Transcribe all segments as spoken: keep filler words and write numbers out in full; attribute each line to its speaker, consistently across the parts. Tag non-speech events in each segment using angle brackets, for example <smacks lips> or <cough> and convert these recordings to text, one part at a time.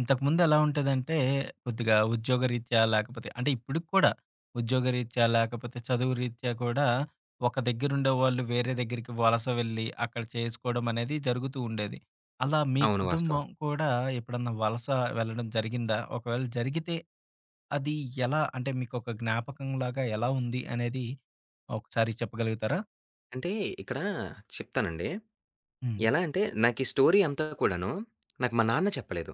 Speaker 1: ఇంతకుముందు ఎలా ఉంటేదంటే కొద్దిగా ఉద్యోగరీత్యా లేకపోతే అంటే ఇప్పుడుకి కూడా ఉద్యోగరీత్యా, లేకపోతే చదువు రీత్యా కూడా ఒక దగ్గరుండేవాాళ్ళు వేరే దగ్గరికి వలస వెళ్ళి, అక్కడ చేసుకోవడమనేది జరుగుతూ ఉండేది. అలా మీ
Speaker 2: అవును వాస్తవం.
Speaker 1: కుటుంబం కూడా ఎప్పుడన్నా వలస వెళ్ళడం జరిగిందా? ఒకవేళ జరిగితే అది ఎలా అంటే మీకోక జ్ఞాపకంలాగా ఎలా ఉంది అనేది ఒకసారి చెప్పగలుగుతారా?
Speaker 2: అంటే ఇక్కడ చెప్తానండి.
Speaker 1: హ్మ్.
Speaker 2: ఎలా అంటే నాకీ స్టోరీ అంతా కూడాను నాకు మా నాన్న చెప్పలేదు.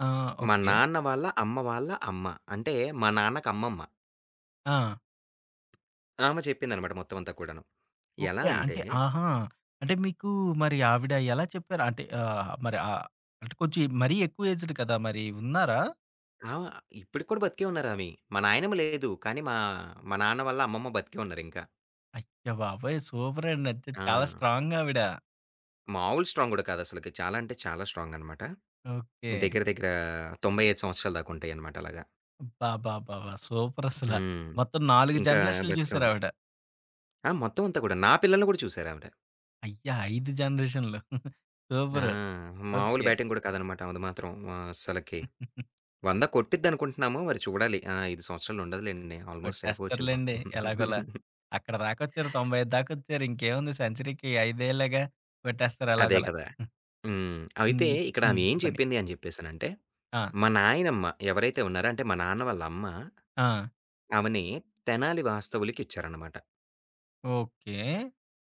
Speaker 1: ఆ!
Speaker 2: మా
Speaker 1: ఓకే.
Speaker 2: నాన్న వాళ్ళ, అమ్మ వాళ్ళ అమ్మ అంటే మా నాన్నకి అమ్మమ్మ.
Speaker 1: ఆ!
Speaker 2: ఆమె చెప్పిందనమాట మొత్తమంతా కూడాను. ఎలా
Speaker 1: ఓకే.
Speaker 2: అంటే
Speaker 1: అంటే ఆహా! అంటే మీకు మరి ఆవిడ ఎలా చెప్పారు? అంటే ఆహ్, మరి ఆహ్, అంటే కొంచెం మరీ ఎక్కువ ఏజ్డ్ కదా! మరి ఉన్నారా?
Speaker 2: ఆ! ఇప్పటికి కూడా బతికే ఉన్నారావి. మా నాయనమ్మ లేదు. కానీ మా, మా నాన్న వల్ల అమ్మమ్మ బతికే ఉన్నారింకా.
Speaker 1: అయ్యాబాబయ్! సూపరండి. అంటే చాలా
Speaker 2: ఆ!
Speaker 1: స్ట్రాంగావిడ.
Speaker 2: మామూలు స్ట్రాంగ్ గూడా కాదుసలకి, చాలా అంటే చాలా స్ట్రాంగనమాట.
Speaker 1: ఓకే.
Speaker 2: దగ్గర, దగ్గర తోంబై ఐదు సంవత్సరాల దాకా ఉంటాయన్నమాట అలాగా.
Speaker 1: అబ్బాబ్బాబాబా! సూపరసల.
Speaker 2: హ్మ్.
Speaker 1: మొత్తం నాలుగు
Speaker 2: ఇంకా
Speaker 1: జనరేషన్‌లు
Speaker 2: బతికే ఉంది.
Speaker 1: జూసారావిడ.
Speaker 2: ఆ! మొత్తమంతా కూడా. నా పిల్లల్ని కూడా చూసారావిడ.
Speaker 1: అయ్యా! ఐదు జనరేషన్‌లు. <chuckles>
Speaker 2: ఆ!
Speaker 1: సూపరు.
Speaker 2: మామూలు
Speaker 1: ఓకే.
Speaker 2: బ్యాటింగ్ కూడా కాదనమాట. అమది మాత్రం ఆహ్, అస్సలకి.
Speaker 1: <chuckles>
Speaker 2: వంద కొట్టిద్దనుకుంటున్నాము. మరి చూడాలి. ఆ! ఐదు సంవత్సరాలుండదులెండి. ఆల్‌మోస్ట్ అయిపోచ్చింది
Speaker 1: కొట్టేస్తారులెండి.
Speaker 2: పాపం.
Speaker 1: ఎలాగోలా
Speaker 2: <chuckles>
Speaker 1: అక్కడ దాకొచ్చారు. తోంబై ఐదు దాకొచ్చారు. ఇంకేముంది సెంచరీకి ఐదేళ్లేగా కొట్టేస్తారు
Speaker 2: అదే
Speaker 1: అలాగోలా.
Speaker 2: కదా! హ్మ్.
Speaker 1: హ్మ్.
Speaker 2: అయితే
Speaker 1: ఇ
Speaker 2: ఇక్కడ
Speaker 1: హ్మ్.
Speaker 2: ఆమెం
Speaker 1: చెప్పండి?
Speaker 2: చెప్పిందనేసనంటే.
Speaker 1: ఆ!
Speaker 2: మా నాయనమ్మ ఎవరైతే ఉన్నారో అంటే మా నాన్న వాళ్ళ, అమ్మ
Speaker 1: ఆ!
Speaker 2: ఆమెని తెనాలి వాస్తవులకిచ్చారనమాట.
Speaker 1: ఓకే.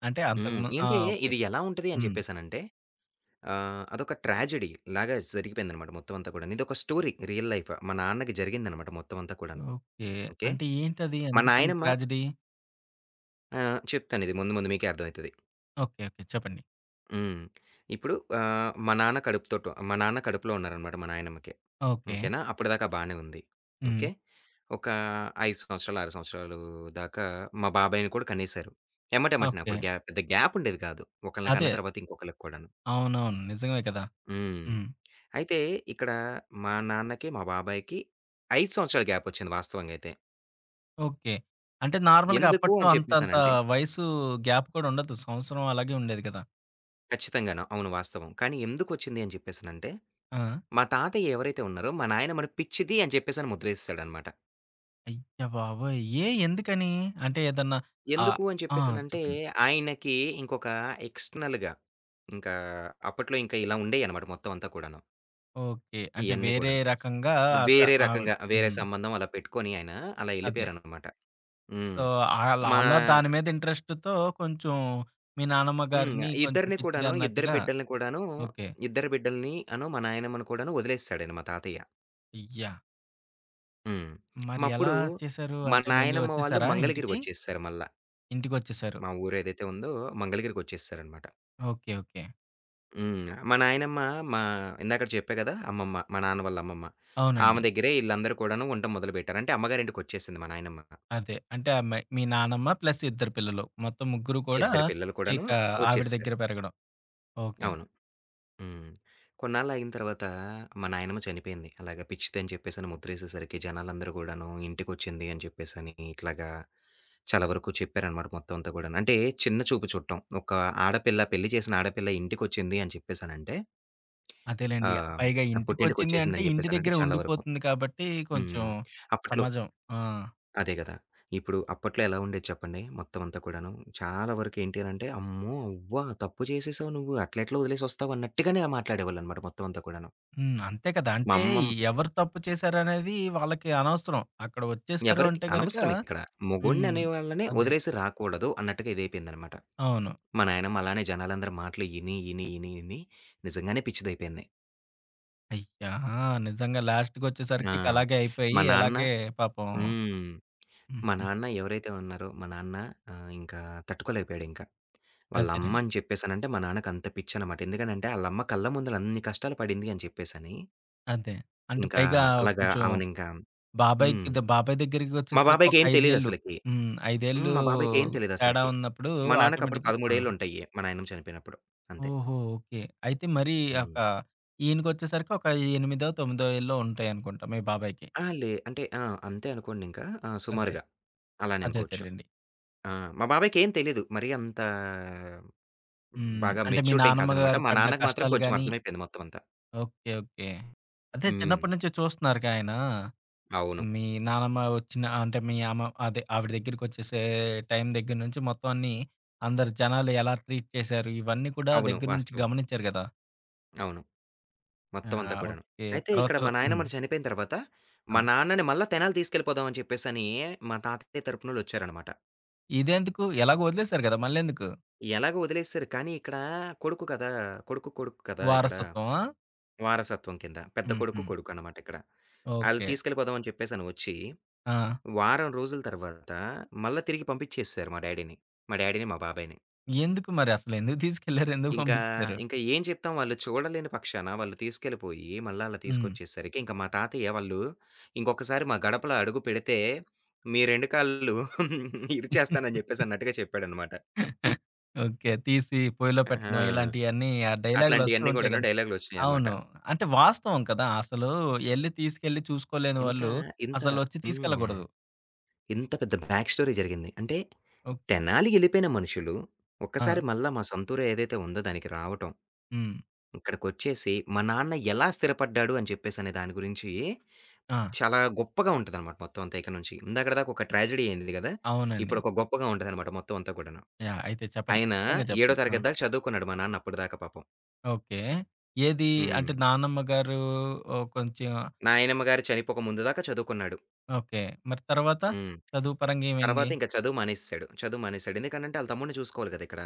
Speaker 1: అంటే
Speaker 2: హ్మ్.
Speaker 1: అంతకుము ఆ!
Speaker 2: ఏంటే
Speaker 1: ఓకే.
Speaker 2: ఇది ఎలా ఉంటది అని
Speaker 1: హ్మ్.
Speaker 2: చెప్పేసనంటే ఆహ్, అదొక ట్రాజడి‌లాగా జరిగిపోయిందనమాట మొత్తమంతా కూడాను. ఇదొక స్టోరీ రియల్ లైఫ్. మా నాన్నకి జరిగిందనమాట మొత్తమంతా కూడాను.
Speaker 1: ఓకే.
Speaker 2: ఓకే.
Speaker 1: అంటే ఏంటది
Speaker 2: మా
Speaker 1: ఎందుకని
Speaker 2: నాయనమ్మ
Speaker 1: ట్రాజిడీ?
Speaker 2: ఆ! చెప్తాను ఇది. ముందు ముందు మీకే అర్థమైతది.
Speaker 1: ఓకే. ఓకే. చెప్పండి?
Speaker 2: హ్మ్. <smacks lips> ఇప్పుడు ఆహ్, మా నాన్న కడుపుతోటో మా నాన్న కడుపులో ఉన్నారనమాట మా నాయనమ్మకి.
Speaker 1: ఓకే.
Speaker 2: ఓకేనా అప్పటిదాకా బానే ఉంది. ఓకే.
Speaker 1: హ్మ్.
Speaker 2: ఒక ఐదు సంవత్సరాలు, ఆరు సంవత్సరాలు దాకా మా బాబాయిని కూడా కనేేశారు. ఎమ్మటెమ్మట‌నే అప్పుడు
Speaker 1: ఓకే.
Speaker 2: గ్యా పెద్ద గ్యాపుండేది కాదు. ఒకళ్ళకన్న
Speaker 1: అదే.
Speaker 2: తర్వాత ఇంకొకళ్ళకి కూడాను.
Speaker 1: అవునవును. నిజమే కదా!
Speaker 2: హ్మ్.
Speaker 1: హ్మ్.
Speaker 2: అయితే ఇక్కడ మా నాన్నకి, మా బాబాయ్‌‌కి ఐదు సంవత్సరాల గ్యాపొచ్చింది వాస్తవంగైతే.
Speaker 1: ఓకే. అంటే నార్మల్‌‌గా
Speaker 2: ఎందుకు
Speaker 1: అప్పట్లో
Speaker 2: అని
Speaker 1: అంత అంత
Speaker 2: చెప్పేసనంటే
Speaker 1: వయసు గ్యాప్ కూడా ఉండదు. సంవత్సరం అలాగే ఉండేది గదా!
Speaker 2: ఖచ్చితంగాను. అవును వాస్తవం. కానీ ఎందుకొచ్చింది అని చెప్పేసనంటే?
Speaker 1: ఆ!
Speaker 2: మా తాతయ్య ఎవరైతే ఉన్నారో! మా నాయనమ్మని "ప్పిచ్చిది" అని జెప్పేసని ముద్రసేసాడనమాట.
Speaker 1: అయ్య బాబోయ్! ఏ? ఎందుకని? అంటే ఏదన్నా ఆహ్,
Speaker 2: ఎందుకు అని
Speaker 1: ఆ!
Speaker 2: చెప్పేసనంటే
Speaker 1: చెప్పండి.
Speaker 2: ఆయనకి ఇంకొక ఎక్స్‌టర్‌నల్‌‌‌‌‌గా, ఇంకా అప్పట్లో ఇంకా ఇలా ఉండేయనమాట మొత్తమంతా కూడాను.
Speaker 1: ఓకే. అంటే
Speaker 2: ఇయన్నీ
Speaker 1: వేరే
Speaker 2: గూడాను.
Speaker 1: రకంగా ఆత
Speaker 2: వేరే
Speaker 1: ఆవిడ
Speaker 2: రకంగా, వేరే
Speaker 1: హ్మ్.
Speaker 2: సంబంధం అలా పెట్టుకొని ఆయన అలా
Speaker 1: అదే.
Speaker 2: ఎళ్ళిపోయారనమాట. హ్మ్.
Speaker 1: సో, ఆళ్ళ
Speaker 2: మా
Speaker 1: ఆళ్ళ దాని మీద ఇంట్రెస్ట్‌తో కొంచెం మీ నానమ్మ
Speaker 2: హ్మ్.
Speaker 1: గారిని కొంచెం
Speaker 2: ఇద్దరిని
Speaker 1: పిచ్చిది
Speaker 2: కూడాను, ఇద్దరి
Speaker 1: అన్నట్టుగా
Speaker 2: బిడ్డల్ని కూడాను,
Speaker 1: ఓకే.
Speaker 2: ఇద్దరి బిడ్డల్ని, అనూ మా నాయనమ్మను కూడాను వదిలేసాడాయనా మా తాతయ్య.
Speaker 1: అయ్యా!
Speaker 2: హ్మ్. <smacks lips>
Speaker 1: మరి ఎలా
Speaker 2: అప్పుడు
Speaker 1: చేశారు?
Speaker 2: మా
Speaker 1: అంటే మళ్ళీ
Speaker 2: నాయనమ్మ వాళ్ళు
Speaker 1: వచ్చేశారా
Speaker 2: మంగళగిరి
Speaker 1: ఇంటికి?
Speaker 2: వచ్చేసారు మళ్ళ.
Speaker 1: ఇంటికొచ్చేశారు.
Speaker 2: మా ఊరేదైతే ఉందో! మంగళగిరికొచ్చేసారనమాట.
Speaker 1: ఓకే. ఓకే.
Speaker 2: హ్మ్. మా నాయనమ్మ మా ఇందాకడ చెప్పా గదా! అమ్మమ్మ, మా నాన్న వాళ్ళ అమ్మమ్మ. ఆమె
Speaker 1: అవునండి.
Speaker 2: దగ్గరే ఈళ్ళందరూ కూడాను ఉండటం మొదలుపెట్టారు. అంటే అమ్మగారింటికొచ్చేసింది మా నాయనమ్మిక.
Speaker 1: అదే. అంటే అమ్మాయి, మీ నానమ్మ ప్లస్ ఇద్దరు పిల్లలు. మొత్తం ముగ్గురు కూడా
Speaker 2: ఇద్దరు పిల్లలు కూడాను
Speaker 1: ఇక ఆవిడ
Speaker 2: వచ్చేసేసారు.
Speaker 1: దగ్గర పెరగడం. ఓకే.
Speaker 2: అవును. హ్మ్. కొన్నాళ్ళ ఆగిన తర్వాత మా నాయనమ్మా చనిపోయింది. అలాగా పిచ్చిదని చెప్పేసని ముద్రేసేసరికి జనాలందరూ గూడాను, ఇంటికొచ్చింది. అని చెప్పేసని ఇట్లాగా చాలా వరకు చెప్పారనమాట మొత్తమంతా గూడాను. అంటే చిన్న చూపు చూట్టం. ఒక ఆడపిల్ల, పెళ్లి చేసిన ఆడపిల్ల ఇంటికొచ్చింది. అని చెప్పేసనంటే
Speaker 1: అదేలెండి.
Speaker 2: ఆహ్,
Speaker 1: పైగా
Speaker 2: ఆహ్, పుట్టింటికి
Speaker 1: ఇంటికొచ్చింది అంటే,
Speaker 2: వచ్చేసిందిని
Speaker 1: ఇంటి
Speaker 2: చెప్పేసనంటే
Speaker 1: దగ్గర
Speaker 2: చాలా వరకు
Speaker 1: ఉండిపోతుంది. కాబట్టి కొంచెం
Speaker 2: హ్మ్. అప్పట్లో
Speaker 1: సమాజం ఆ!
Speaker 2: అదే గదా! ఇప్పుడు అప్పట్లో ఎలా ఉండేది చెప్పండి? మొత్తమంతా కూడాను! చాలా వరకు ఏంటి అనంటే "అమ్మో! అవ్వా! తప్పు జెసేసావు నువ్వు, అట్లెట్ల వదిలేసి వస్తావు." అన్నట్టుగానేలా మాట్లాడేవాళ్ళునమాట మొత్తమంతా కూడాను.
Speaker 1: హ్మ్. అంతే కదా!
Speaker 2: మా
Speaker 1: అంటే
Speaker 2: అమ్మమ్
Speaker 1: ఎవరు తప్పు చేశారనేది వాళ్ళకి అనవసరం. అక్కడ వచ్చేశారు
Speaker 2: ఎవరికి
Speaker 1: అంటే గనక
Speaker 2: అనవసరమిక్కడ.
Speaker 1: హ్మ్.
Speaker 2: మొగుణ్ణనేవాన్ని
Speaker 1: అదే.
Speaker 2: వదిలేసి రాకూడదు. అన్నట్టుగా ఇదైపోయిందనమాట.
Speaker 1: అవును.
Speaker 2: మా నాయనమ్మ అలానే జనాలందరి మాటలు ఇని, ఇని, ఇని, ఇని నిజంగానే పిచ్చిదయిపోయింది.
Speaker 1: అయ్యా! నిజంగా లాస్ట్‌కోచ్చేసరికి
Speaker 2: ఆ!
Speaker 1: ఇక అలాగే అయిపోయి.
Speaker 2: మా నాన్న
Speaker 1: అలాగే పాపం
Speaker 2: హ్మ్. మా
Speaker 1: హుహు.
Speaker 2: నాన్న ఎవరైతే ఉన్నారో మా నాన్న ఆహ్, ఇంకా తట్టుకోలేకపోయాడింక.
Speaker 1: అదేనండి.
Speaker 2: వాళ్ళమ్మని చెప్పేసనంటే మా నాన్నకంత పిచ్చననమాట. ఎందుకనంటే ఆళ్ళమ్మ కళ్ళ ముందుల అన్ని కష్టాలు పడింది అని చెప్పేసని
Speaker 1: అదే. అంటే
Speaker 2: ఇంకా
Speaker 1: పైగా
Speaker 2: అలాగా
Speaker 1: కొంచెం
Speaker 2: అవనింకా హ్మ్.
Speaker 1: బాబాయ్‌కి ద బాబాయ్
Speaker 2: మా
Speaker 1: దగ్గరికోచ్చేసరికి ఒక
Speaker 2: బాబాయ్‌కేం
Speaker 1: ఐదేళ్ళు
Speaker 2: తెలీదసలకి?
Speaker 1: హ్మ్.
Speaker 2: హ్మ్.
Speaker 1: ఐదేళ్ళు
Speaker 2: మా బాబాయ్‌కేం
Speaker 1: తేడా
Speaker 2: తెలీదసలకి.
Speaker 1: ఉన్నప్పుడు
Speaker 2: మా నాన్నకప్పుడు
Speaker 1: ఆటోమేటిక్‌గా ఆ!
Speaker 2: పదముడేళ్ళుంటాయి. మా నాయనమ చనిపోయినప్పుడు. అంతే.
Speaker 1: ఓహో! ఓకే. అయితే మరి యెక
Speaker 2: హ్మ్.
Speaker 1: ఈయనకోచ్చేసరికి ఒక ఎనిమిదో, తోమిదో ఏళ్ళో ఉంటాయనుకుంటా మీ బాబాయ్‌కి.
Speaker 2: ఆ! లే అంటే ఆ! అంతే అనుకోండింకా ఆ
Speaker 1: అదే.
Speaker 2: సుమారుగా.
Speaker 1: అదే,
Speaker 2: అలానెనుకోవచ్చు.
Speaker 1: అదేలెండి.
Speaker 2: ఆ! మా బాబాయ్‌కేం తెలీదు. మరి అంత
Speaker 1: హ్మ్.
Speaker 2: బాగా
Speaker 1: అంటే మీ
Speaker 2: మెచ్యూర్డేం కాదనమాట.
Speaker 1: నానమ్మగారు
Speaker 2: మా
Speaker 1: పడ్డ
Speaker 2: నాన్నకి మాత్రం
Speaker 1: కష్టాలు
Speaker 2: కొంచెం
Speaker 1: గాని
Speaker 2: అర్థమైపోయింది మొత్తమంతా.
Speaker 1: ఓకే. ఓకే. అదే చిన్నప్పడి
Speaker 2: హ్మ్.
Speaker 1: నుంచి చూస్తున్నారుగా ఆయనా
Speaker 2: అవును.
Speaker 1: మీ నానమ్మ ఒచ్చిన అంటే మీ అమ అదే ఆవిడ దగ్గరికొచ్చేసే టైం దగ్గర నుంచి మొత్తం అన్నీ అందరు జనాలు ఎలా ట్రీట్ చేశారు? ఇవన్నీ కూడా
Speaker 2: అవును.
Speaker 1: దగ్గర నుంచి
Speaker 2: వాస్తవం.
Speaker 1: గమనించారు గదా!
Speaker 2: అవును.
Speaker 1: ఆ!
Speaker 2: మొత్తం అంతా కూడాను.
Speaker 1: ఓకే.
Speaker 2: అయితే
Speaker 1: తర్వా
Speaker 2: ఇక్కడ
Speaker 1: తర
Speaker 2: మా
Speaker 1: హ్మ్.
Speaker 2: నాయన్నమ్మ చనిపోయిన తర్వాత మా
Speaker 1: ఆ!
Speaker 2: నాన్నని మళ్ళా తెనాలి తీసుకెళ్ళిపోదాం అని చెప్పేసిని మా తాతయ్య తరపునోళ్ళొచ్చారనమాట.
Speaker 1: ఇదెందుకు? ఎలాగో ఒదిలేసారు గదా! మళ్ళెందుకు?
Speaker 2: ఎలాగో వదిలేసారు. కానీ ఇక్కడా కొడుకు కదా! కొడుకు కొడుకు కదా! ఇక్కడ.
Speaker 1: వారసత్వమా?
Speaker 2: వారసత్వం కింద పెద్ద కొడుకు
Speaker 1: హుహు.
Speaker 2: కొడుకన్నమాట ఇక్కడ. ఆళ్ళు
Speaker 1: ఓకే.
Speaker 2: తీసుకెళ్ళిపోదామని చెప్పేసని ఒచ్చి,
Speaker 1: ఆ!
Speaker 2: వారం రోజుల తర్వాత మళ్ళా తిరిగి పంపిచ్చేసేశారు మా డ్యాడీని మా డ్యాడీని మా బాబాయ్‌ని.
Speaker 1: ఎందుకు మరి? అసలేందుకు తీసుకెళ్లారు ఎందుకు
Speaker 2: ఇంకా
Speaker 1: పంపిచ్చారు?
Speaker 2: ఇంకా ఏం చెప్తాం? వాళ్ళు చూడలేని పక్షాన వాళ్ళు తీసుకెళ్ళిపోయి, మళ్ళా ఆళ్ళని
Speaker 1: హ్మ్.
Speaker 2: తీసుకొచ్చేసరికి ఇంక మా తాతయ్య వాళ్ళు ఇంకొకసారి మా గడపలో అడుగు పెడితే, మీ రెండు కాళ్ళు ఇరిచేస్తానని జెప్పేసి
Speaker 1: <chuckles>
Speaker 2: అన్నట్టుగా చెప్పాడనమాట.
Speaker 1: <chuckles> ఓకే. తీసి పొయిలో
Speaker 2: హా!
Speaker 1: పెట్టడం ఇలాంటియన్నీ, ఆ డైలాగులొస్తు
Speaker 2: అట్లాంటియన్నీ
Speaker 1: ఉంటాయి
Speaker 2: కూడాను
Speaker 1: కద్
Speaker 2: డైలాగులొచ్చినాయన్నమాట.
Speaker 1: అవును. అంటే వాస్తవం కదా! అసలు ఎళ్ళి తీసుకెళ్ళి చూసుకోలేని
Speaker 2: ఇంత
Speaker 1: వాళ్ళు,
Speaker 2: ఇంత
Speaker 1: అసలు ఒచ్చి
Speaker 2: హ్మ్.
Speaker 1: తీసుకెళ్ళకూడదు.
Speaker 2: ఇంత పెద్ద బ్యాక్ స్టోరీ జరిగింది. అంటే
Speaker 1: ఓహ్.
Speaker 2: తెనాలి ఎళ్ళిపోయిన మనుషులు, ఒక్కసారి
Speaker 1: ఆ!
Speaker 2: మళ్ళా మా సొంతురు ఏదైతే ఉందో దానికి రావటం.
Speaker 1: హ్మ్.
Speaker 2: ఇక్కడికోచ్చేసి మా నాన్న ఎలా స్థిరపడ్డాడు అని చెప్పేసి అనే దాని గురించి,
Speaker 1: ఆ!
Speaker 2: చాలా గొప్పగా ఉంటదన్నమాట మొత్తం అంతా ఇక నుంచి. ఇందాకడి దాకా ఒక ట్రాజడీ అయింది కదా! ఇప్పుడు
Speaker 1: అవునండి.
Speaker 2: ఒక గొప్పగా ఉంటదన్నమాట మొత్తం అంతా కూడాను.
Speaker 1: యాహ్! అయితే చెప్పండి.
Speaker 2: ఆయన
Speaker 1: ఖచ్చితంగా
Speaker 2: ఏడో
Speaker 1: చెప్పండి. ఆ!
Speaker 2: తరగతి దాకా చదువుకున్నాడు మా నాన్న అప్పటిదాకా పాపం.
Speaker 1: ఓకె. ఏది? అంటే
Speaker 2: హ్మ్.
Speaker 1: నానమ్మ గారు ఓహ్! కొంచెం
Speaker 2: నాయనమ్మ గారు చనిపోక ముందు దాకా చదువుకున్నాడు.
Speaker 1: ఓకె. మరి తర్వాత?
Speaker 2: హ్మ్.
Speaker 1: చదువు పరంగా ఏవైంది?
Speaker 2: తర్వాత, ఇంక చదువు మానేసేసాడు. చదువు మానేసాడు. ఎందుకనంటే ఆళ్ళ తమ్ముడిని చూసుకోవాలి గదా! ఇక్కడ.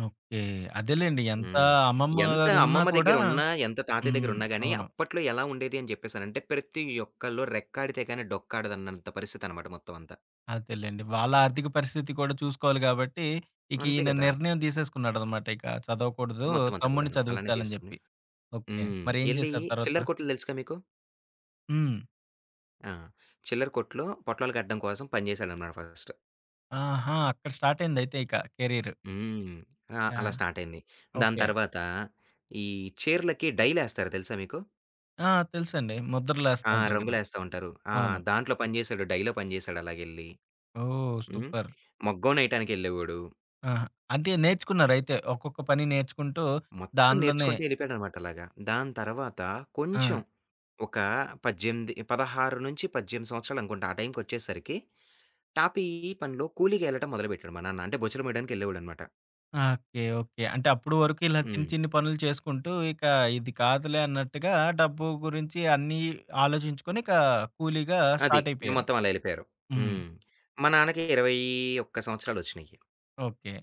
Speaker 1: ఓకె. అదేలెండి. ఎంత
Speaker 2: హ్మ్.
Speaker 1: అమ్మమ్మ
Speaker 2: ఎంత
Speaker 1: గారున్నా
Speaker 2: అమ్మమ్మ
Speaker 1: కూడా
Speaker 2: దెగ్గరున్నా, ఎంత తాతయ్య
Speaker 1: హ్మ్.
Speaker 2: దెగ్గరున్నా గానీ,
Speaker 1: అవును.
Speaker 2: అప్పట్లో ఎలా ఉండేది అని జెప్పేసనంటే, ప్రతి ఒక్కళ్ళు రెక్కాడితే గానీ, డొక్కాడదన్నంత పరిస్థితనమాట, మొత్తవంతా.
Speaker 1: అదేలెండి. వాళ్ళ ఆర్థిక పరిస్థితి కూడా చూసుకోవాలి గాబట్టి, ఇక
Speaker 2: అంతే
Speaker 1: ఈయన
Speaker 2: గదా!
Speaker 1: నిర్ణయం తీసేసుకున్నాడనమాట. ఇక చదవకూడదు,
Speaker 2: మొత్తం అంతా
Speaker 1: తమ్ముడిని
Speaker 2: కూడాను. అలానే
Speaker 1: చదివచ్చాలని
Speaker 2: తీసుకొని
Speaker 1: జెప్పి. ఓకె.
Speaker 2: హ్మ్.
Speaker 1: మరేం
Speaker 2: ఎళ్ళి
Speaker 1: జేశారు
Speaker 2: చిల్లర
Speaker 1: తర్వాత?
Speaker 2: కొట్లు తెలుసుగా మీకు?
Speaker 1: హ్మ్.
Speaker 2: ఆ! చిల్లర కొట్టులో, పొట్లాలు కట్టడం కోసం పని జేశాడనమాట ఫస్ట్.
Speaker 1: ఆహా! అక్కడ స్టార్టయింది. అయితే ఇక కెరీరు.
Speaker 2: హ్మ్. ఆహ్,
Speaker 1: ఆ!
Speaker 2: అలా స్టార్టయింది. దాని
Speaker 1: ఓకె.
Speaker 2: తర్వాత, ఈ చీరలకి డైలేస్తారు తెలుసా మీకు?
Speaker 1: ఆ! తెలుసండి.
Speaker 2: ఆ!
Speaker 1: ముద్రలేస్తుంటారు గదా!
Speaker 2: రంగులేస్తా ఉంటారు. ఆ!
Speaker 1: అవును.
Speaker 2: దాంట్లో పని జేశాడు. డైలో పని జేశాడు అలాగెళ్ళి.
Speaker 1: ఓహ్!
Speaker 2: హ్మ్.
Speaker 1: సూపర్!
Speaker 2: మోగ్గం నేయటానికెళ్ళేవాడు.
Speaker 1: ఆహా! అంటే నేర్చుకున్నారయితే? ఒక్కొక్క పని నేర్చుకుంటూ
Speaker 2: మొత్తం
Speaker 1: దానిలోనే
Speaker 2: నేర్చుకుంటూ ఎళ్ళిపోయాడనమాట అలాగా. దాని తర్వాత, కొంచెం
Speaker 1: ఆ!
Speaker 2: ఒక పజ్జెంది పదహారు నుంచి పజ్జెంది సంవత్సరాలనుకుంటా. ఆ టైంకొచ్చేసరికి. టాపీ పనిలో కూలీగా ఎళ్ళటం మొదలుపెట్టాడు మా నాన్న. అంటే బొచ్చలుమొయడానికెళ్ళేవాడనమాట.
Speaker 1: ఓకే! ఓకె. అంటే అప్పుడు వరకు ఇలా చిన్ని,
Speaker 2: హ్మ్.
Speaker 1: చిన్ని పనులు చేసుకుంటూ, ఇక ఇది కాదులే అన్నట్టుగా డబ్బు గురించి అన్నీ, ఆలోచించుకొని ఇక కూలీగా
Speaker 2: అది. ఇంగ
Speaker 1: స్టార్టయిపోయారు.
Speaker 2: మొత్తం అలా ఎళ్ళిపోయారు.
Speaker 1: హ్మ్.
Speaker 2: హ్మ్. మా నాన్నకి ఇరవై ఒక్క సంవత్సరాలొచ్చినయి.
Speaker 1: ఓకే.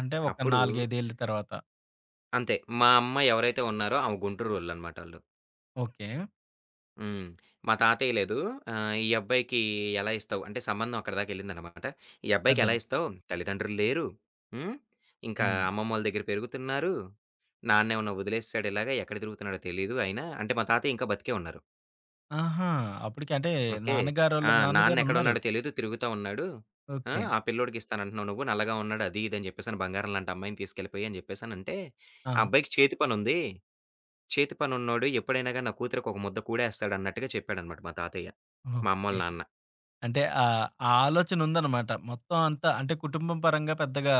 Speaker 1: అంటే ఒక
Speaker 2: అప్పుడూ
Speaker 1: నాలుగైదేళ్ళు తర్వాత?
Speaker 2: అంతే. మా అమ్మ ఎవరైతే ఉన్నారో ఆమె గుంటూరోళ్ళనమాటాళ్ళు.
Speaker 1: ఓకే.
Speaker 2: హ్మ్. మా తాతయ్య లేదు. ఆహ్, ఈ అబ్బాయికి ఎలా ఇస్తావు? అంటే సంబంధం అక్కడిదాకెళ్ళిందనమాట. ఈ అబ్బాయికి
Speaker 1: అదే.
Speaker 2: ఎలా ఇస్తావు? తల్లిదండ్రులు లేరు. హ్మ్. ఇంకా
Speaker 1: హ్మ్.
Speaker 2: అమ్మమ్మోళ్ళ దగ్గర పెరుగుతున్నారు. నాన్నేమన్నా వదిలేససాడు ఇలాగా ఎక్కడ తిరుగుతున్నాడో తెలీదు ఆయన, అంటే మా తాతయ్య ఇంకా బతికే ఉన్నారు.
Speaker 1: ఆహా! అప్పుడుకి అంటే
Speaker 2: ఓకే. ఆ!
Speaker 1: నాన్నగారోళ్ళు
Speaker 2: నాన్న
Speaker 1: నాన్నగారు
Speaker 2: ఎక్కడు
Speaker 1: ఉన్నారు.
Speaker 2: ఉన్నాడో తెలీదు తిరుగుతా ఉన్నాడు. ఆ!
Speaker 1: ఓకే.
Speaker 2: ఆ పిల్లోడికి ఇస్తానంటున్నావు నువ్వు. నల్లగా ఉన్నాడు అది ఇది అని చెప్పేసని బంగారం లాంటి అమ్మాయిని తీసుకెళ్ళపోయి అని చెప్పేసనంటే.
Speaker 1: ఆ!
Speaker 2: ఆ అబ్బాయికి చేతి పని ఉంది. చేతి పను ఉన్నోడు ఎప్పుడైనాగా నా కూతురికి ఒక ముద్ద కుడేస్తాడు అన్నట్టుగా చెప్పాడనమాట మా తాతయ్య. మా అమ్మోల
Speaker 1: ఓకే.
Speaker 2: నాన్న.
Speaker 1: అంటే ఆహ్, ఆ ఆలోచన ఉందనమాట. మొత్తం అంతా అంటే కుటుంబ పరంగా పెద్దగా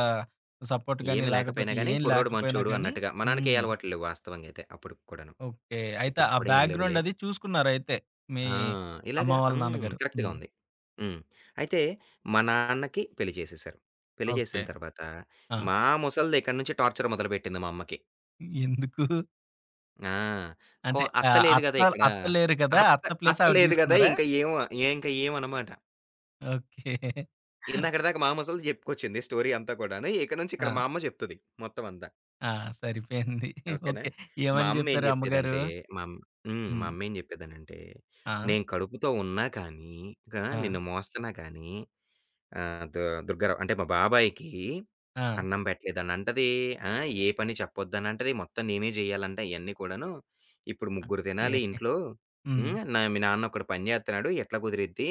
Speaker 1: సపోర్ట్ గానీ
Speaker 2: ఏమి లేకపోయినా
Speaker 1: లేకపోతే
Speaker 2: గాని
Speaker 1: ఏం
Speaker 2: కుర్రోడు మంచోడు
Speaker 1: లేకపోయినాగానీ
Speaker 2: అన్నట్టుగా మనాన్నకే
Speaker 1: హ్మ్.
Speaker 2: అలవాట్లు లేవు వాస్తవంగా అయితే అప్పుడుకి కూడాను.
Speaker 1: ఓకే. అయితే
Speaker 2: ఇప్పటికి
Speaker 1: ఆ
Speaker 2: కూడా ఏం
Speaker 1: బ్యాగ్‌గ్రౌండ్
Speaker 2: లెవులే?
Speaker 1: అది చూసుకున్నారైతే మీ
Speaker 2: ఆ!
Speaker 1: అమ్మ
Speaker 2: ఇలాగా
Speaker 1: వాళ్ళ
Speaker 2: హ్మ్.
Speaker 1: నాన్నగారు.
Speaker 2: కరెక్ట్‌గా
Speaker 1: హ్మ్.
Speaker 2: ఉంది. హ్మ్. అయితే మా నాన్నకి పెళ్లి చేసేశారు. పెళ్లి
Speaker 1: ఓకే.
Speaker 2: చేసిన తర్వాత
Speaker 1: ఆ!
Speaker 2: మా ముసల్ది ఇక్కడి నుంచి టార్చర్ మొదలుపెట్టింది మా అమ్మకి.
Speaker 1: <giggles> ఎందుకు?
Speaker 2: ఆ! కొ
Speaker 1: అంటే
Speaker 2: అత్త
Speaker 1: ఆహ్,
Speaker 2: లేదు గదా!
Speaker 1: అత్తల్
Speaker 2: ఇక్కడ.
Speaker 1: అత్త లేరు గదా!
Speaker 2: అత్త
Speaker 1: అత్త ప్లేస్
Speaker 2: అత్త
Speaker 1: ఆవిడ
Speaker 2: లేదు గదా!
Speaker 1: తీసుకున్నారా?
Speaker 2: ఇంకా ఏమో ఇంకా ఏమనమాట.
Speaker 1: <giggles> ఓకే.
Speaker 2: ఇందాకడి దాకా మాా ముసలిది జెప్పుకొచ్చింది స్టోరీ అంతా కూడాను. ఇక నుంచి ఇక్కడ
Speaker 1: ఆ!
Speaker 2: మా అమ్మ జెప్తది మొత్తమంతా.
Speaker 1: ఆ! <giggles> సరిపోయింది.
Speaker 2: ఓకేనా!
Speaker 1: ఓకే.
Speaker 2: మా
Speaker 1: ఏమని
Speaker 2: అమ్మ ఏం
Speaker 1: జెప్పారు అమ్మగారు?
Speaker 2: జెప్పేదంటే మంమ్ హ్మ్. మా
Speaker 1: హ్మ్.
Speaker 2: అమ్మ ఏం చెప్పేదనంటే
Speaker 1: ఆ!
Speaker 2: నేను కడుపుతో ఉన్నా కానీ గా
Speaker 1: ఆ!
Speaker 2: నిన్ను మోస్తున్నా గానీ ఆహ్, దు-దుర్గరావు అంటే మా బాబాయికి
Speaker 1: ఆ!
Speaker 2: అన్నం పెట్టలేదన్నంటది, ఆ! ఏ పని చెప్పొద్దనంటది. మొత్తం నేనే జేయాలంటా ఇయన్నీ కూడాను. ఇప్పుడు ముగ్గురు
Speaker 1: ఎ
Speaker 2: తినాలి ఈ ఇంట్లో.
Speaker 1: హ్మ్.
Speaker 2: హ్మ్. నా మీ నాన్న ఒకడు పని చేేతున్నాడు. ఎట్లా కుదిరిద్ది.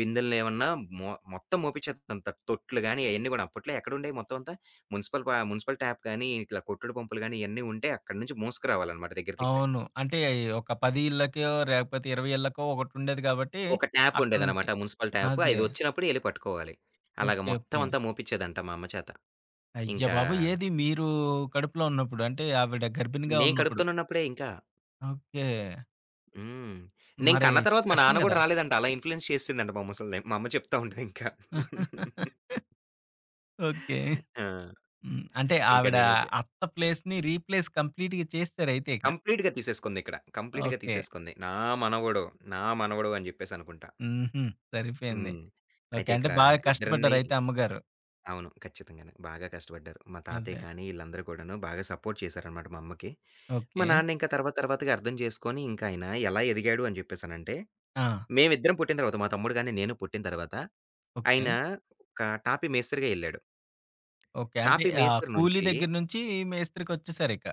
Speaker 2: బిందెల్ని ఏమన్నా మొ-మొత్తం మోపిచ్చేతంటా తొట్లు గాని అయన్నీ గూడా అప్పట్లో ఎక్కడండేాయి మొత్తం అంతా మున్సిపల్ పా మున్సిపల్ ట్యాప్ గానీ ఇట్లా కొట్టుడు పంపులు గానీ ఇయన్నీ ఉంటే అక్కడి నుంచి మోసుకురావాలన్నమాట దగ్గర దగ్గర.
Speaker 1: అవును. అంటే ఒక పది ఇళ్ళకో, లేకపోతే ఇరవై ఇళ్ళకో, ఒకటి ఉండేది కాబట్టి
Speaker 2: ఒక ట్యాప్
Speaker 1: అక్కడి నుంచి
Speaker 2: ఉండేదన్నమాట మున్సిపల్ ట్యాప్.
Speaker 1: అదే.
Speaker 2: ఐది వచ్చినప్పుడే ఎళ్ళి పట్టుకోవాలి. అలాగ
Speaker 1: ఓకే. ఓకే.
Speaker 2: మొత్తమంతా మోపిచ్చేదంట మా అమ్మ చేత.
Speaker 1: అయ్య
Speaker 2: ఇంకా
Speaker 1: బాబోయ్! ఏది మీరు కడుపులో ఉన్నప్పుడు అంటే ఆవిడ గర్భిణిగా
Speaker 2: నేను
Speaker 1: ఉన్నప్పుడు.
Speaker 2: కడుపుతోనున్నప్పుడే ఇంకా.
Speaker 1: ఓకే.
Speaker 2: హ్మ్. నేను
Speaker 1: మరి
Speaker 2: కన్న తర్వాత మా
Speaker 1: కష్టం
Speaker 2: నాన్న గూడా
Speaker 1: గదా!
Speaker 2: రాలేదంట. అలా ఇన్‌ఫ్లూయెన్స్ చేసేసిందంట మా ముసల్ది. మా అమ్మ చెప్తా ఉంటదింకా.
Speaker 1: <laughs> ఓకే.
Speaker 2: ఆ!
Speaker 1: హ్మ్. అంటే
Speaker 2: ఇంకా
Speaker 1: ఆవిడ
Speaker 2: నేనైతే
Speaker 1: అత్త ప్లేస్‌ని రీప్లేస్ కంప్లీట్‌గా చేసేసారయితే ఇక.
Speaker 2: కంప్లీట్‌గా తీసేసుకుంది ఇక్కడ. కంప్లీట్‌గా
Speaker 1: ఓకే.
Speaker 2: తీసేసుకుంది. నా మనవడు. నా మనవడవు అని జేప్పేసి అనుకుంటా.
Speaker 1: హుహు. సరిపోయింది.
Speaker 2: హ్మ్.
Speaker 1: ఓకే.
Speaker 2: అయితే
Speaker 1: అంటే
Speaker 2: ఇక్కడ
Speaker 1: బాగా
Speaker 2: ఇద్దరిని
Speaker 1: కష్టపడ్డారయితే అమ్మగారు.
Speaker 2: అవును. ఖచ్చితంగానే. బాగా కష్టపడ్డారు. మా తాతయ్య
Speaker 1: అదే.
Speaker 2: కానీ, ఇళ్ళందరూ కూడాను బాగా సపోర్ట్ చేశారనమాట మా అమ్మకి. మా
Speaker 1: ఓకే.
Speaker 2: నాన్న ఇంకా తర్వాత తర్వాతగా అర్థం జెసుకొని, ఇంకాయన ఎలా ఎదిగాడు అని జేప్పేసినంటే,
Speaker 1: ఆ!
Speaker 2: మేవిద్దరం పుట్టిన తర్వాత, మా తమ్ముడు గానీ, నేను పుట్టిన తర్వాత. ఆయన
Speaker 1: ఓకే.
Speaker 2: ఒక టాపీ మేస్త్రిరి‌గేళ్ళాడు.
Speaker 1: ఓకే. అంటే
Speaker 2: టాపీ
Speaker 1: ఆహ్,
Speaker 2: మేస్త్రి
Speaker 1: కూలీ
Speaker 2: నుంచి...
Speaker 1: దెగ్గర నుంచి మేస్త్రికొచ్చేసారిక.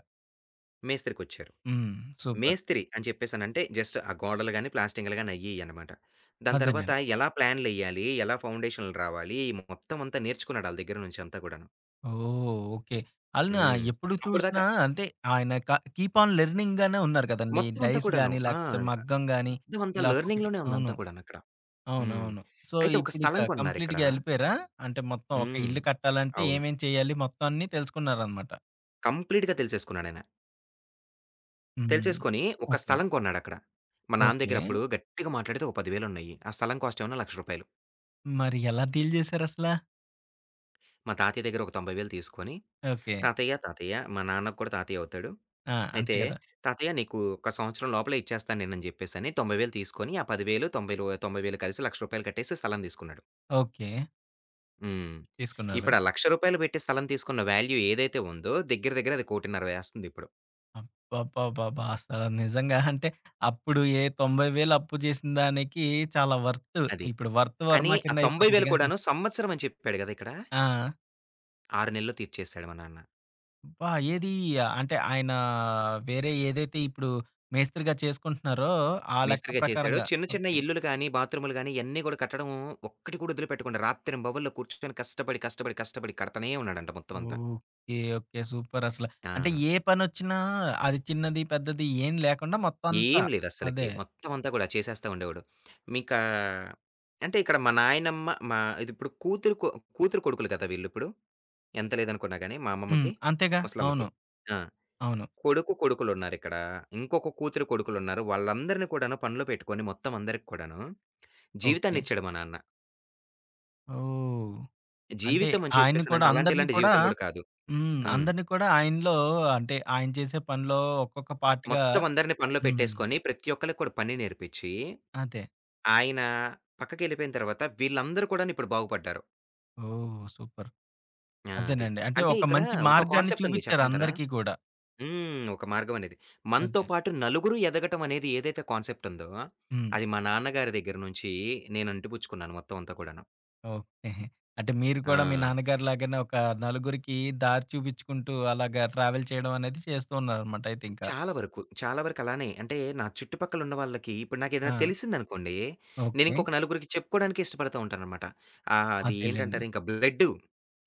Speaker 2: మేస్త్రికొచ్చారు.
Speaker 1: హ్మ్. సూపర్.
Speaker 2: మేస్త్రి అని జేప్పేసినంటే జస్ట్ ఆ గోడలు గానీ, ప్లాస్టింగ్లు గానీ, అయ్యియ్యనమాట. దాని తర్వాత
Speaker 1: అదేనండి.
Speaker 2: ఎలా ప్లాన్‌లెయ్యాలి? ఎలా ఫౌండేషన్లు రావాలి? మొత్తమంతా నేర్చుకున్నాాడు. ఆళ్ళ దగ్గర నుంచి అంతా కూడాను.
Speaker 1: ఓహ్! ఓకే. ఆళ్ళన
Speaker 2: హ్మ్.
Speaker 1: ఎప్పుడు
Speaker 2: అప్పటిదాకా
Speaker 1: చూసినా అంటే, ఆయన క కీప్ ఆన్ లెర్నింగానే ఉన్నారు కదండి.
Speaker 2: మొత్తమంతా
Speaker 1: డైస్
Speaker 2: కూడాను.
Speaker 1: గానీ,
Speaker 2: ఆ!
Speaker 1: లేకపోతే మగ్గం
Speaker 2: ఆహ్,
Speaker 1: గానీ.
Speaker 2: మొత్తమంతా
Speaker 1: ఇలా ఒక్కొక్కటి
Speaker 2: లెర్నింగ్‌లోనే
Speaker 1: అవును.
Speaker 2: ఉందంతా కూడానక్కడ. హ్మ్.
Speaker 1: అవునవును. సో,
Speaker 2: అయితే ఒక
Speaker 1: ఇప్పుడు ఇక
Speaker 2: స్థలం కోన్నారిక్కడ
Speaker 1: కంప్లీట్‌గేళ్ళిపోయారా? అంటే మొత్తం ఒక
Speaker 2: హ్మ్.
Speaker 1: ఇల్లు కట్టాలంటే,
Speaker 2: అవును.
Speaker 1: ఏమేం చేయాలి మొత్తంన్ని తెలుసుకున్నారనమాట.
Speaker 2: కంప్లీట్‌గా తెలిసేసుకున్నా‌డయన.
Speaker 1: హ్మ్.
Speaker 2: తెలిసేసుకొని, ఒక
Speaker 1: ఓకే.
Speaker 2: స్థలం కొన్నాడక్కడ. మా నాన్న
Speaker 1: ఓకే.
Speaker 2: దగ్గరప్పుడు గట్టిగా మాట్లాడితే ఒక పది‌వె‌లున్నాయి. ఆ స్థలం కాస్టేమో లక్ష రూపాయిలు.
Speaker 1: మరి ఎలా డీల్ జేశారసలా?
Speaker 2: మా తాతయ్య దెగ్గర ఒక తొంబై‌ వేలు తీసుకొని.
Speaker 1: ఓకే.
Speaker 2: తాతయ్య, తాతయ్య మా నాన్న కూడా తాతయ్యవుతాడు.
Speaker 1: ఆ! అంతే
Speaker 2: అయితే
Speaker 1: గ‌దా!
Speaker 2: తాతయ్య నీకు ఒక సంవత్సరం లోపలే ఇచ్చేస్తాను నేను అ‌ని జెప్పేసని. తొంబై వేలు తీసుకొని, ఆ పది వేలు తొంబై‌లో తొంబై వేలు కలిసి లక్ష రూపాయలు కట్టేసి స్థలం దీసుకున్నాడు.
Speaker 1: ఓకే.
Speaker 2: హ్మ్.
Speaker 1: తీసుకున్నారు.
Speaker 2: ఇప్పుడు ఆ ల‌క్ష రూపా‌యలు బెట్టి స్థలం తీసుకున్న వాల్యూ ఏదైతే ఉందో, దెగ్గిర, దెగ్గిర అది కోటిన్నర వేస్తాందిప్పుడు.
Speaker 1: అబ్బబ్బబ్బబ్బా! అసల నిజంగా అంటే, అప్పుడు, ఏ తొంబై వేలు అప్పు జేసిన దానికి చాలా వర్తు.
Speaker 2: అది.
Speaker 1: ఇప్పుడు వర్త్
Speaker 2: కానీ,
Speaker 1: వర్మ
Speaker 2: ఆ
Speaker 1: కింద
Speaker 2: ‌ తొంబై వేలు
Speaker 1: అయిపోతదిగా!
Speaker 2: కూడాను
Speaker 1: <chuckles>
Speaker 2: సంవత్సరం అని చెప్పాడు గదా ఇక్కడ.
Speaker 1: ఆ!
Speaker 2: ఆ‌రు నెల్లో తీర్చేేశాడు మా నాన్న.
Speaker 1: అబ్బా! ఏది? అంటే ఆయన, వేరే ఏదైతే ఇప్పుడు మే‌స్త్రీగా చేసుకుంటున్నారో, ఆ లెక్క
Speaker 2: మె‌స్త్రీగా చేశాడు.
Speaker 1: ప్రకారంగా.
Speaker 2: చిన్న, చిన్న
Speaker 1: ఓకే.
Speaker 2: ఇల్లులు గాని, బాత్రూములు గాని, ఇయన్నీగూడా కట్టడం ఒక్కటి కూడా వదులుపెట్టుకుండా. రాత్రింబవళ్ళు కూర్చుకొని కష్టపడి, కష్టపడి, కష్టపడి కడతానే ఉన్నాడంట మొత్తం అంతా.
Speaker 1: ఓకే. ఓకే. సూపరసల. అంటే
Speaker 2: ఆ!
Speaker 1: ఏ ప‌నొ‌చ్చినా, అది చిన్నది, పెద్దది ఏం లేకుండా మొత్తం అంతా.
Speaker 2: ఏం లేదస్సలకి.
Speaker 1: అదే.
Speaker 2: మొత్తం అంతా గూడా, చేసేస్తా ఉండేవాడు. మీకా, అంటే ఇక్కడ మా నాయనమ్మ, మా ఇదిప్పుడు కూతురు కొ కూతురు కొడుకులు గదా! వీళ్ళిప్పుడు. ఎంత లేదనుకున్నా గాని, మా
Speaker 1: హ్మ్.
Speaker 2: అమ్మమ్మకి.
Speaker 1: అంతేగా!
Speaker 2: ము‌సలమ్మకి.
Speaker 1: అవును.
Speaker 2: ఆ!
Speaker 1: అవును.
Speaker 2: కొడుకు కొడుకులున్నారిక్కడ. ఇంకొక కూతురు, కొడుకులున్నారు. వాళ్ళందరిని కూడాను పనిలో పెట్టుకొని, మొత్తం అందరికి కూడాను.
Speaker 1: ఓకే.
Speaker 2: జీవితాన్నిచ్చాడు మా నాన్న.
Speaker 1: ఓహ్! అంటే
Speaker 2: జీవితం అని
Speaker 1: ఆయన కూడా,
Speaker 2: చెప్పేసనంటే, అలాంటి
Speaker 1: అందరిని
Speaker 2: ఇలాంటి
Speaker 1: కూడా
Speaker 2: జీవితం కూడా కాదు.
Speaker 1: హ్మ్.
Speaker 2: హ్మ్.
Speaker 1: అందరిని కూడా, ఆయనలో అంటే ఆయన చేసే పనిలో, ఒక్కొక్క పార్ట్‌గా
Speaker 2: మొత్తం అందరిని పనిలో
Speaker 1: హ్మ్.
Speaker 2: పెట్టేసుకొని, ప్రతి ఒక్కళ్ళకి కూడా పని నేర్పించి,
Speaker 1: అదే.
Speaker 2: ఆయన పక్కకెళ్ళిపోయిన తర్వాత, వీళ్ళందరూ కూడాను ఇప్పుడు బాగుపడ్డారు.
Speaker 1: ఓహ్! సూపర్.
Speaker 2: ఆ! అది.
Speaker 1: అంతేనండి. అంటే
Speaker 2: అంటే
Speaker 1: ఒక
Speaker 2: ఇక్కడ
Speaker 1: మంచి
Speaker 2: ఒక
Speaker 1: మార్గాన్ని
Speaker 2: కాన్సెప్ట్ ఉంది
Speaker 1: చూపించారు
Speaker 2: చెప్పమంటారా?
Speaker 1: అందరికీ కూడా.
Speaker 2: హ్మ్. ఒక మార్గం అనేది. మనతో
Speaker 1: అదే.
Speaker 2: పాటు నలుగురు ఎదగటం అనేది ఏదైతే కాన్సెప్ట్ ఉందో,
Speaker 1: హ్మ్.
Speaker 2: అది మా నాన్నగారి దగ్గర నుంచి నేను అంటిపుచ్చుకున్నాను మొత్తం అంతా కూడాను.
Speaker 1: ఓకే. అంటే మీరు కూడా మీ
Speaker 2: ఆ!
Speaker 1: నాన్నగారిలాగానే ఒక నలుగురికి దారి చూపించుకుంటూ, అలాగా ట్రావెల్ చేయడం అనేది చేస్తున్నారనమాట అయితే ఇంకా.
Speaker 2: చాలా వరకు. చాలా వరకు అలానే. అంటే నా చుట్టుపక్కల ఉన్న వాళ్ళకి ఇప్పుడు నాకు ఏదైనా
Speaker 1: ఆ!
Speaker 2: తెలిసిందనుకోండి, నేను
Speaker 1: ఓకే.
Speaker 2: ఇంకొక నలుగురికి చెప్పుకోవడానికి ఇష్టపడుతా ఉంటాననమాట. ఆ! అది
Speaker 1: అదేలెండి.
Speaker 2: ఏంటంటారు, ఇంకా బ్లడ్డు.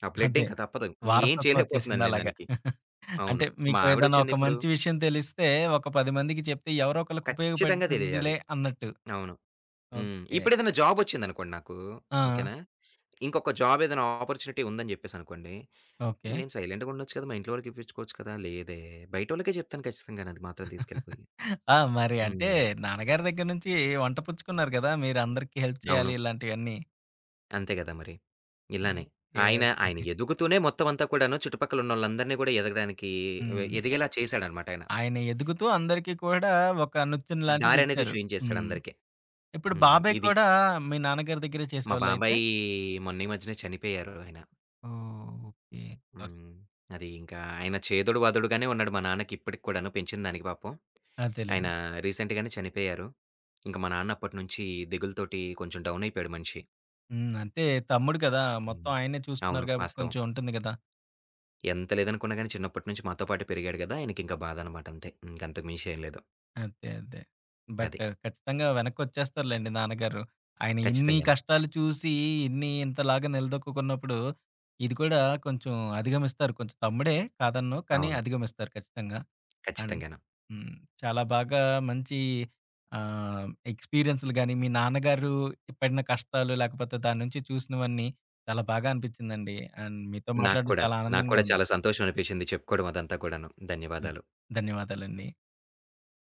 Speaker 2: ఆ బ్లడ్
Speaker 1: అదే.
Speaker 2: ఇంకా తప్పదు. ఏం
Speaker 1: వారసత్వం
Speaker 2: <chuckles> చేయలేకపోతున్నాను నేను
Speaker 1: ఒచ్చేసిందలాగా.
Speaker 2: దానికి.
Speaker 1: <chuckles> అంటే
Speaker 2: అవును. మా
Speaker 1: మీకు ఏదన్నా
Speaker 2: ఆవిడొచ్చింది
Speaker 1: ఒక
Speaker 2: ఇప్పుడు
Speaker 1: మంచి విషయం తెలిస్తే, ఒక పది మందికి చెప్తే ఎవరో ఒకళ్ళకి
Speaker 2: ఖచ్చితంగా తెలిజెయాలి.
Speaker 1: ఉపయోగపడుతుందిలే అన్నట్టు.
Speaker 2: అవును. హ్మ్.
Speaker 1: ఓకే.
Speaker 2: ఇప్పుడేదైనా జాబొచ్చిందనుకోండి నాకు.
Speaker 1: ఆ!
Speaker 2: ఓకేనా, ఇంకొక జాబేదన్నా ఆపర్చునిటీ ఉందని చెప్పేసనుకోండి.
Speaker 1: ఓకే.
Speaker 2: నేను సైలెంటుగుండొచ్చు కదా! మా ఇంట్లో వాళకి ఇపించుకోవచ్చు కదా! లేదే బయటోళ్ళకే చెప్తాను ఖచ్చితంగానే అది మాత్రం
Speaker 1: <chuckles>
Speaker 2: తీసుకెళ్ళిపోయి.
Speaker 1: ఆ! మరి అంటే
Speaker 2: హ్మ్.
Speaker 1: నాన్నగారి దగ్గర నుంచి వంట పుచ్చుకున్నారు కదా! మీర అందరికీ హెల్ప్ చేయాలి
Speaker 2: అవును.
Speaker 1: ఇలాంటియన్నీ.
Speaker 2: అంతే గదా మరి.
Speaker 1: ఓకే.
Speaker 2: ఇలానే. ఆయన ఆయన
Speaker 1: ఓకే.
Speaker 2: ఎదుగుతూనే మొత్తమంతా కూడాను, చుట్టుపక్కలున్నోళ్ళందరిని గూడా ఎదగడానికి వె
Speaker 1: హ్మ్.
Speaker 2: ఎదిగేలా చేశాడనమాట ఆయన.
Speaker 1: ఆయన ఎదుగుతూ అందరికీ కూడా ఒక నుచ్చన
Speaker 2: దారనేది
Speaker 1: లాంటిదిచ్చారు. హ్మ్.
Speaker 2: చూయించేసాడందరికి.
Speaker 1: ఇప్పుడు
Speaker 2: హ్మ్.
Speaker 1: బాబాయ్
Speaker 2: ఇది.
Speaker 1: కూడా మీ నాన్నగారి దగ్గరే
Speaker 2: మా
Speaker 1: చేసేవాళ్లైతే?
Speaker 2: బాబాయి మొన్నీమధ్యనే చనిపోయారు ఆయన.
Speaker 1: ఓహ్! ఓకే. అరు
Speaker 2: హ్మ్. అది ఇంకా ఆయన చేదోడువాాదోడుగానే ఉన్నాడు మా నాన్నకిప్పడిక్కూడాను పెంచిందానికి పాపం.
Speaker 1: అదేలెండి.
Speaker 2: ఆయనా రీసెంట్‌గానే చనిపోయారు. ఇంక మా నాన్న అప్పట్నుంచి దిగులుతోటి కొంచెం డౌనయిపోయాడు మనిషి.
Speaker 1: హ్మ్. అంటే తమ్ముడు గదా! మొత్తం
Speaker 2: హ్మ్.
Speaker 1: ఆయనే
Speaker 2: అవును.
Speaker 1: చూసుకున్నారు గాబట్టి
Speaker 2: వాస్తవం.
Speaker 1: కొంచెం ఉంటుంది గదా!
Speaker 2: ఎంత లేదనుకున్నా‌గాని చిన్నప్పట్నుంచి మాతో పాటే పెరిగాడు గదా! ఆయనకింకా బాధనమాట అంతే. ఇంకంతకు మించేంలేదు.
Speaker 1: అదే, అదే.
Speaker 2: అది.
Speaker 1: బట్టు ఖచ్చితంగా వెనక్కొచ్చేస్తారులెండి నాన్నగారు. ఆయన ఇన్ని
Speaker 2: ఖచ్చితంగాను.
Speaker 1: కష్టాలు చూసి, ఇన్ని ఇంతలాగా నిలదొక్కుకున్నప్పుడు, ఇది కూడా కొంచెం అధిగమిస్తారు. కొంచెం తమ్ముడే కాదనను కానీ,
Speaker 2: అవును.
Speaker 1: అధిగమిస్తారు ఖచ్చితంగా. అండ్
Speaker 2: ఖచ్చితంగాను.
Speaker 1: హ్మ్. చాలా బాగా మంచి ఆహ్, ఎక్స్‌పీరియన్స్‌లు‌ గానీ, మీ నాన్నగారు పడిన కష్టాలు, లేకపోతే దాన్నుంచి చూసినవన్నీ చాలా బాగా అనిపి‌చ్చిందండి. అండ్ మీతో
Speaker 2: నాకు
Speaker 1: మాట్లాడ్డం
Speaker 2: కూడా,
Speaker 1: చాలా
Speaker 2: నాకు
Speaker 1: ఆనందంగా
Speaker 2: కూడా
Speaker 1: ఉంది.
Speaker 2: చాలా సంతోషమనిపిచ్చింది చెప్పుకోవడం అదంతా కూడాను.
Speaker 1: హ్మ్.
Speaker 2: ధన్యవాదాలు.
Speaker 1: ధన్యవాదాలండి.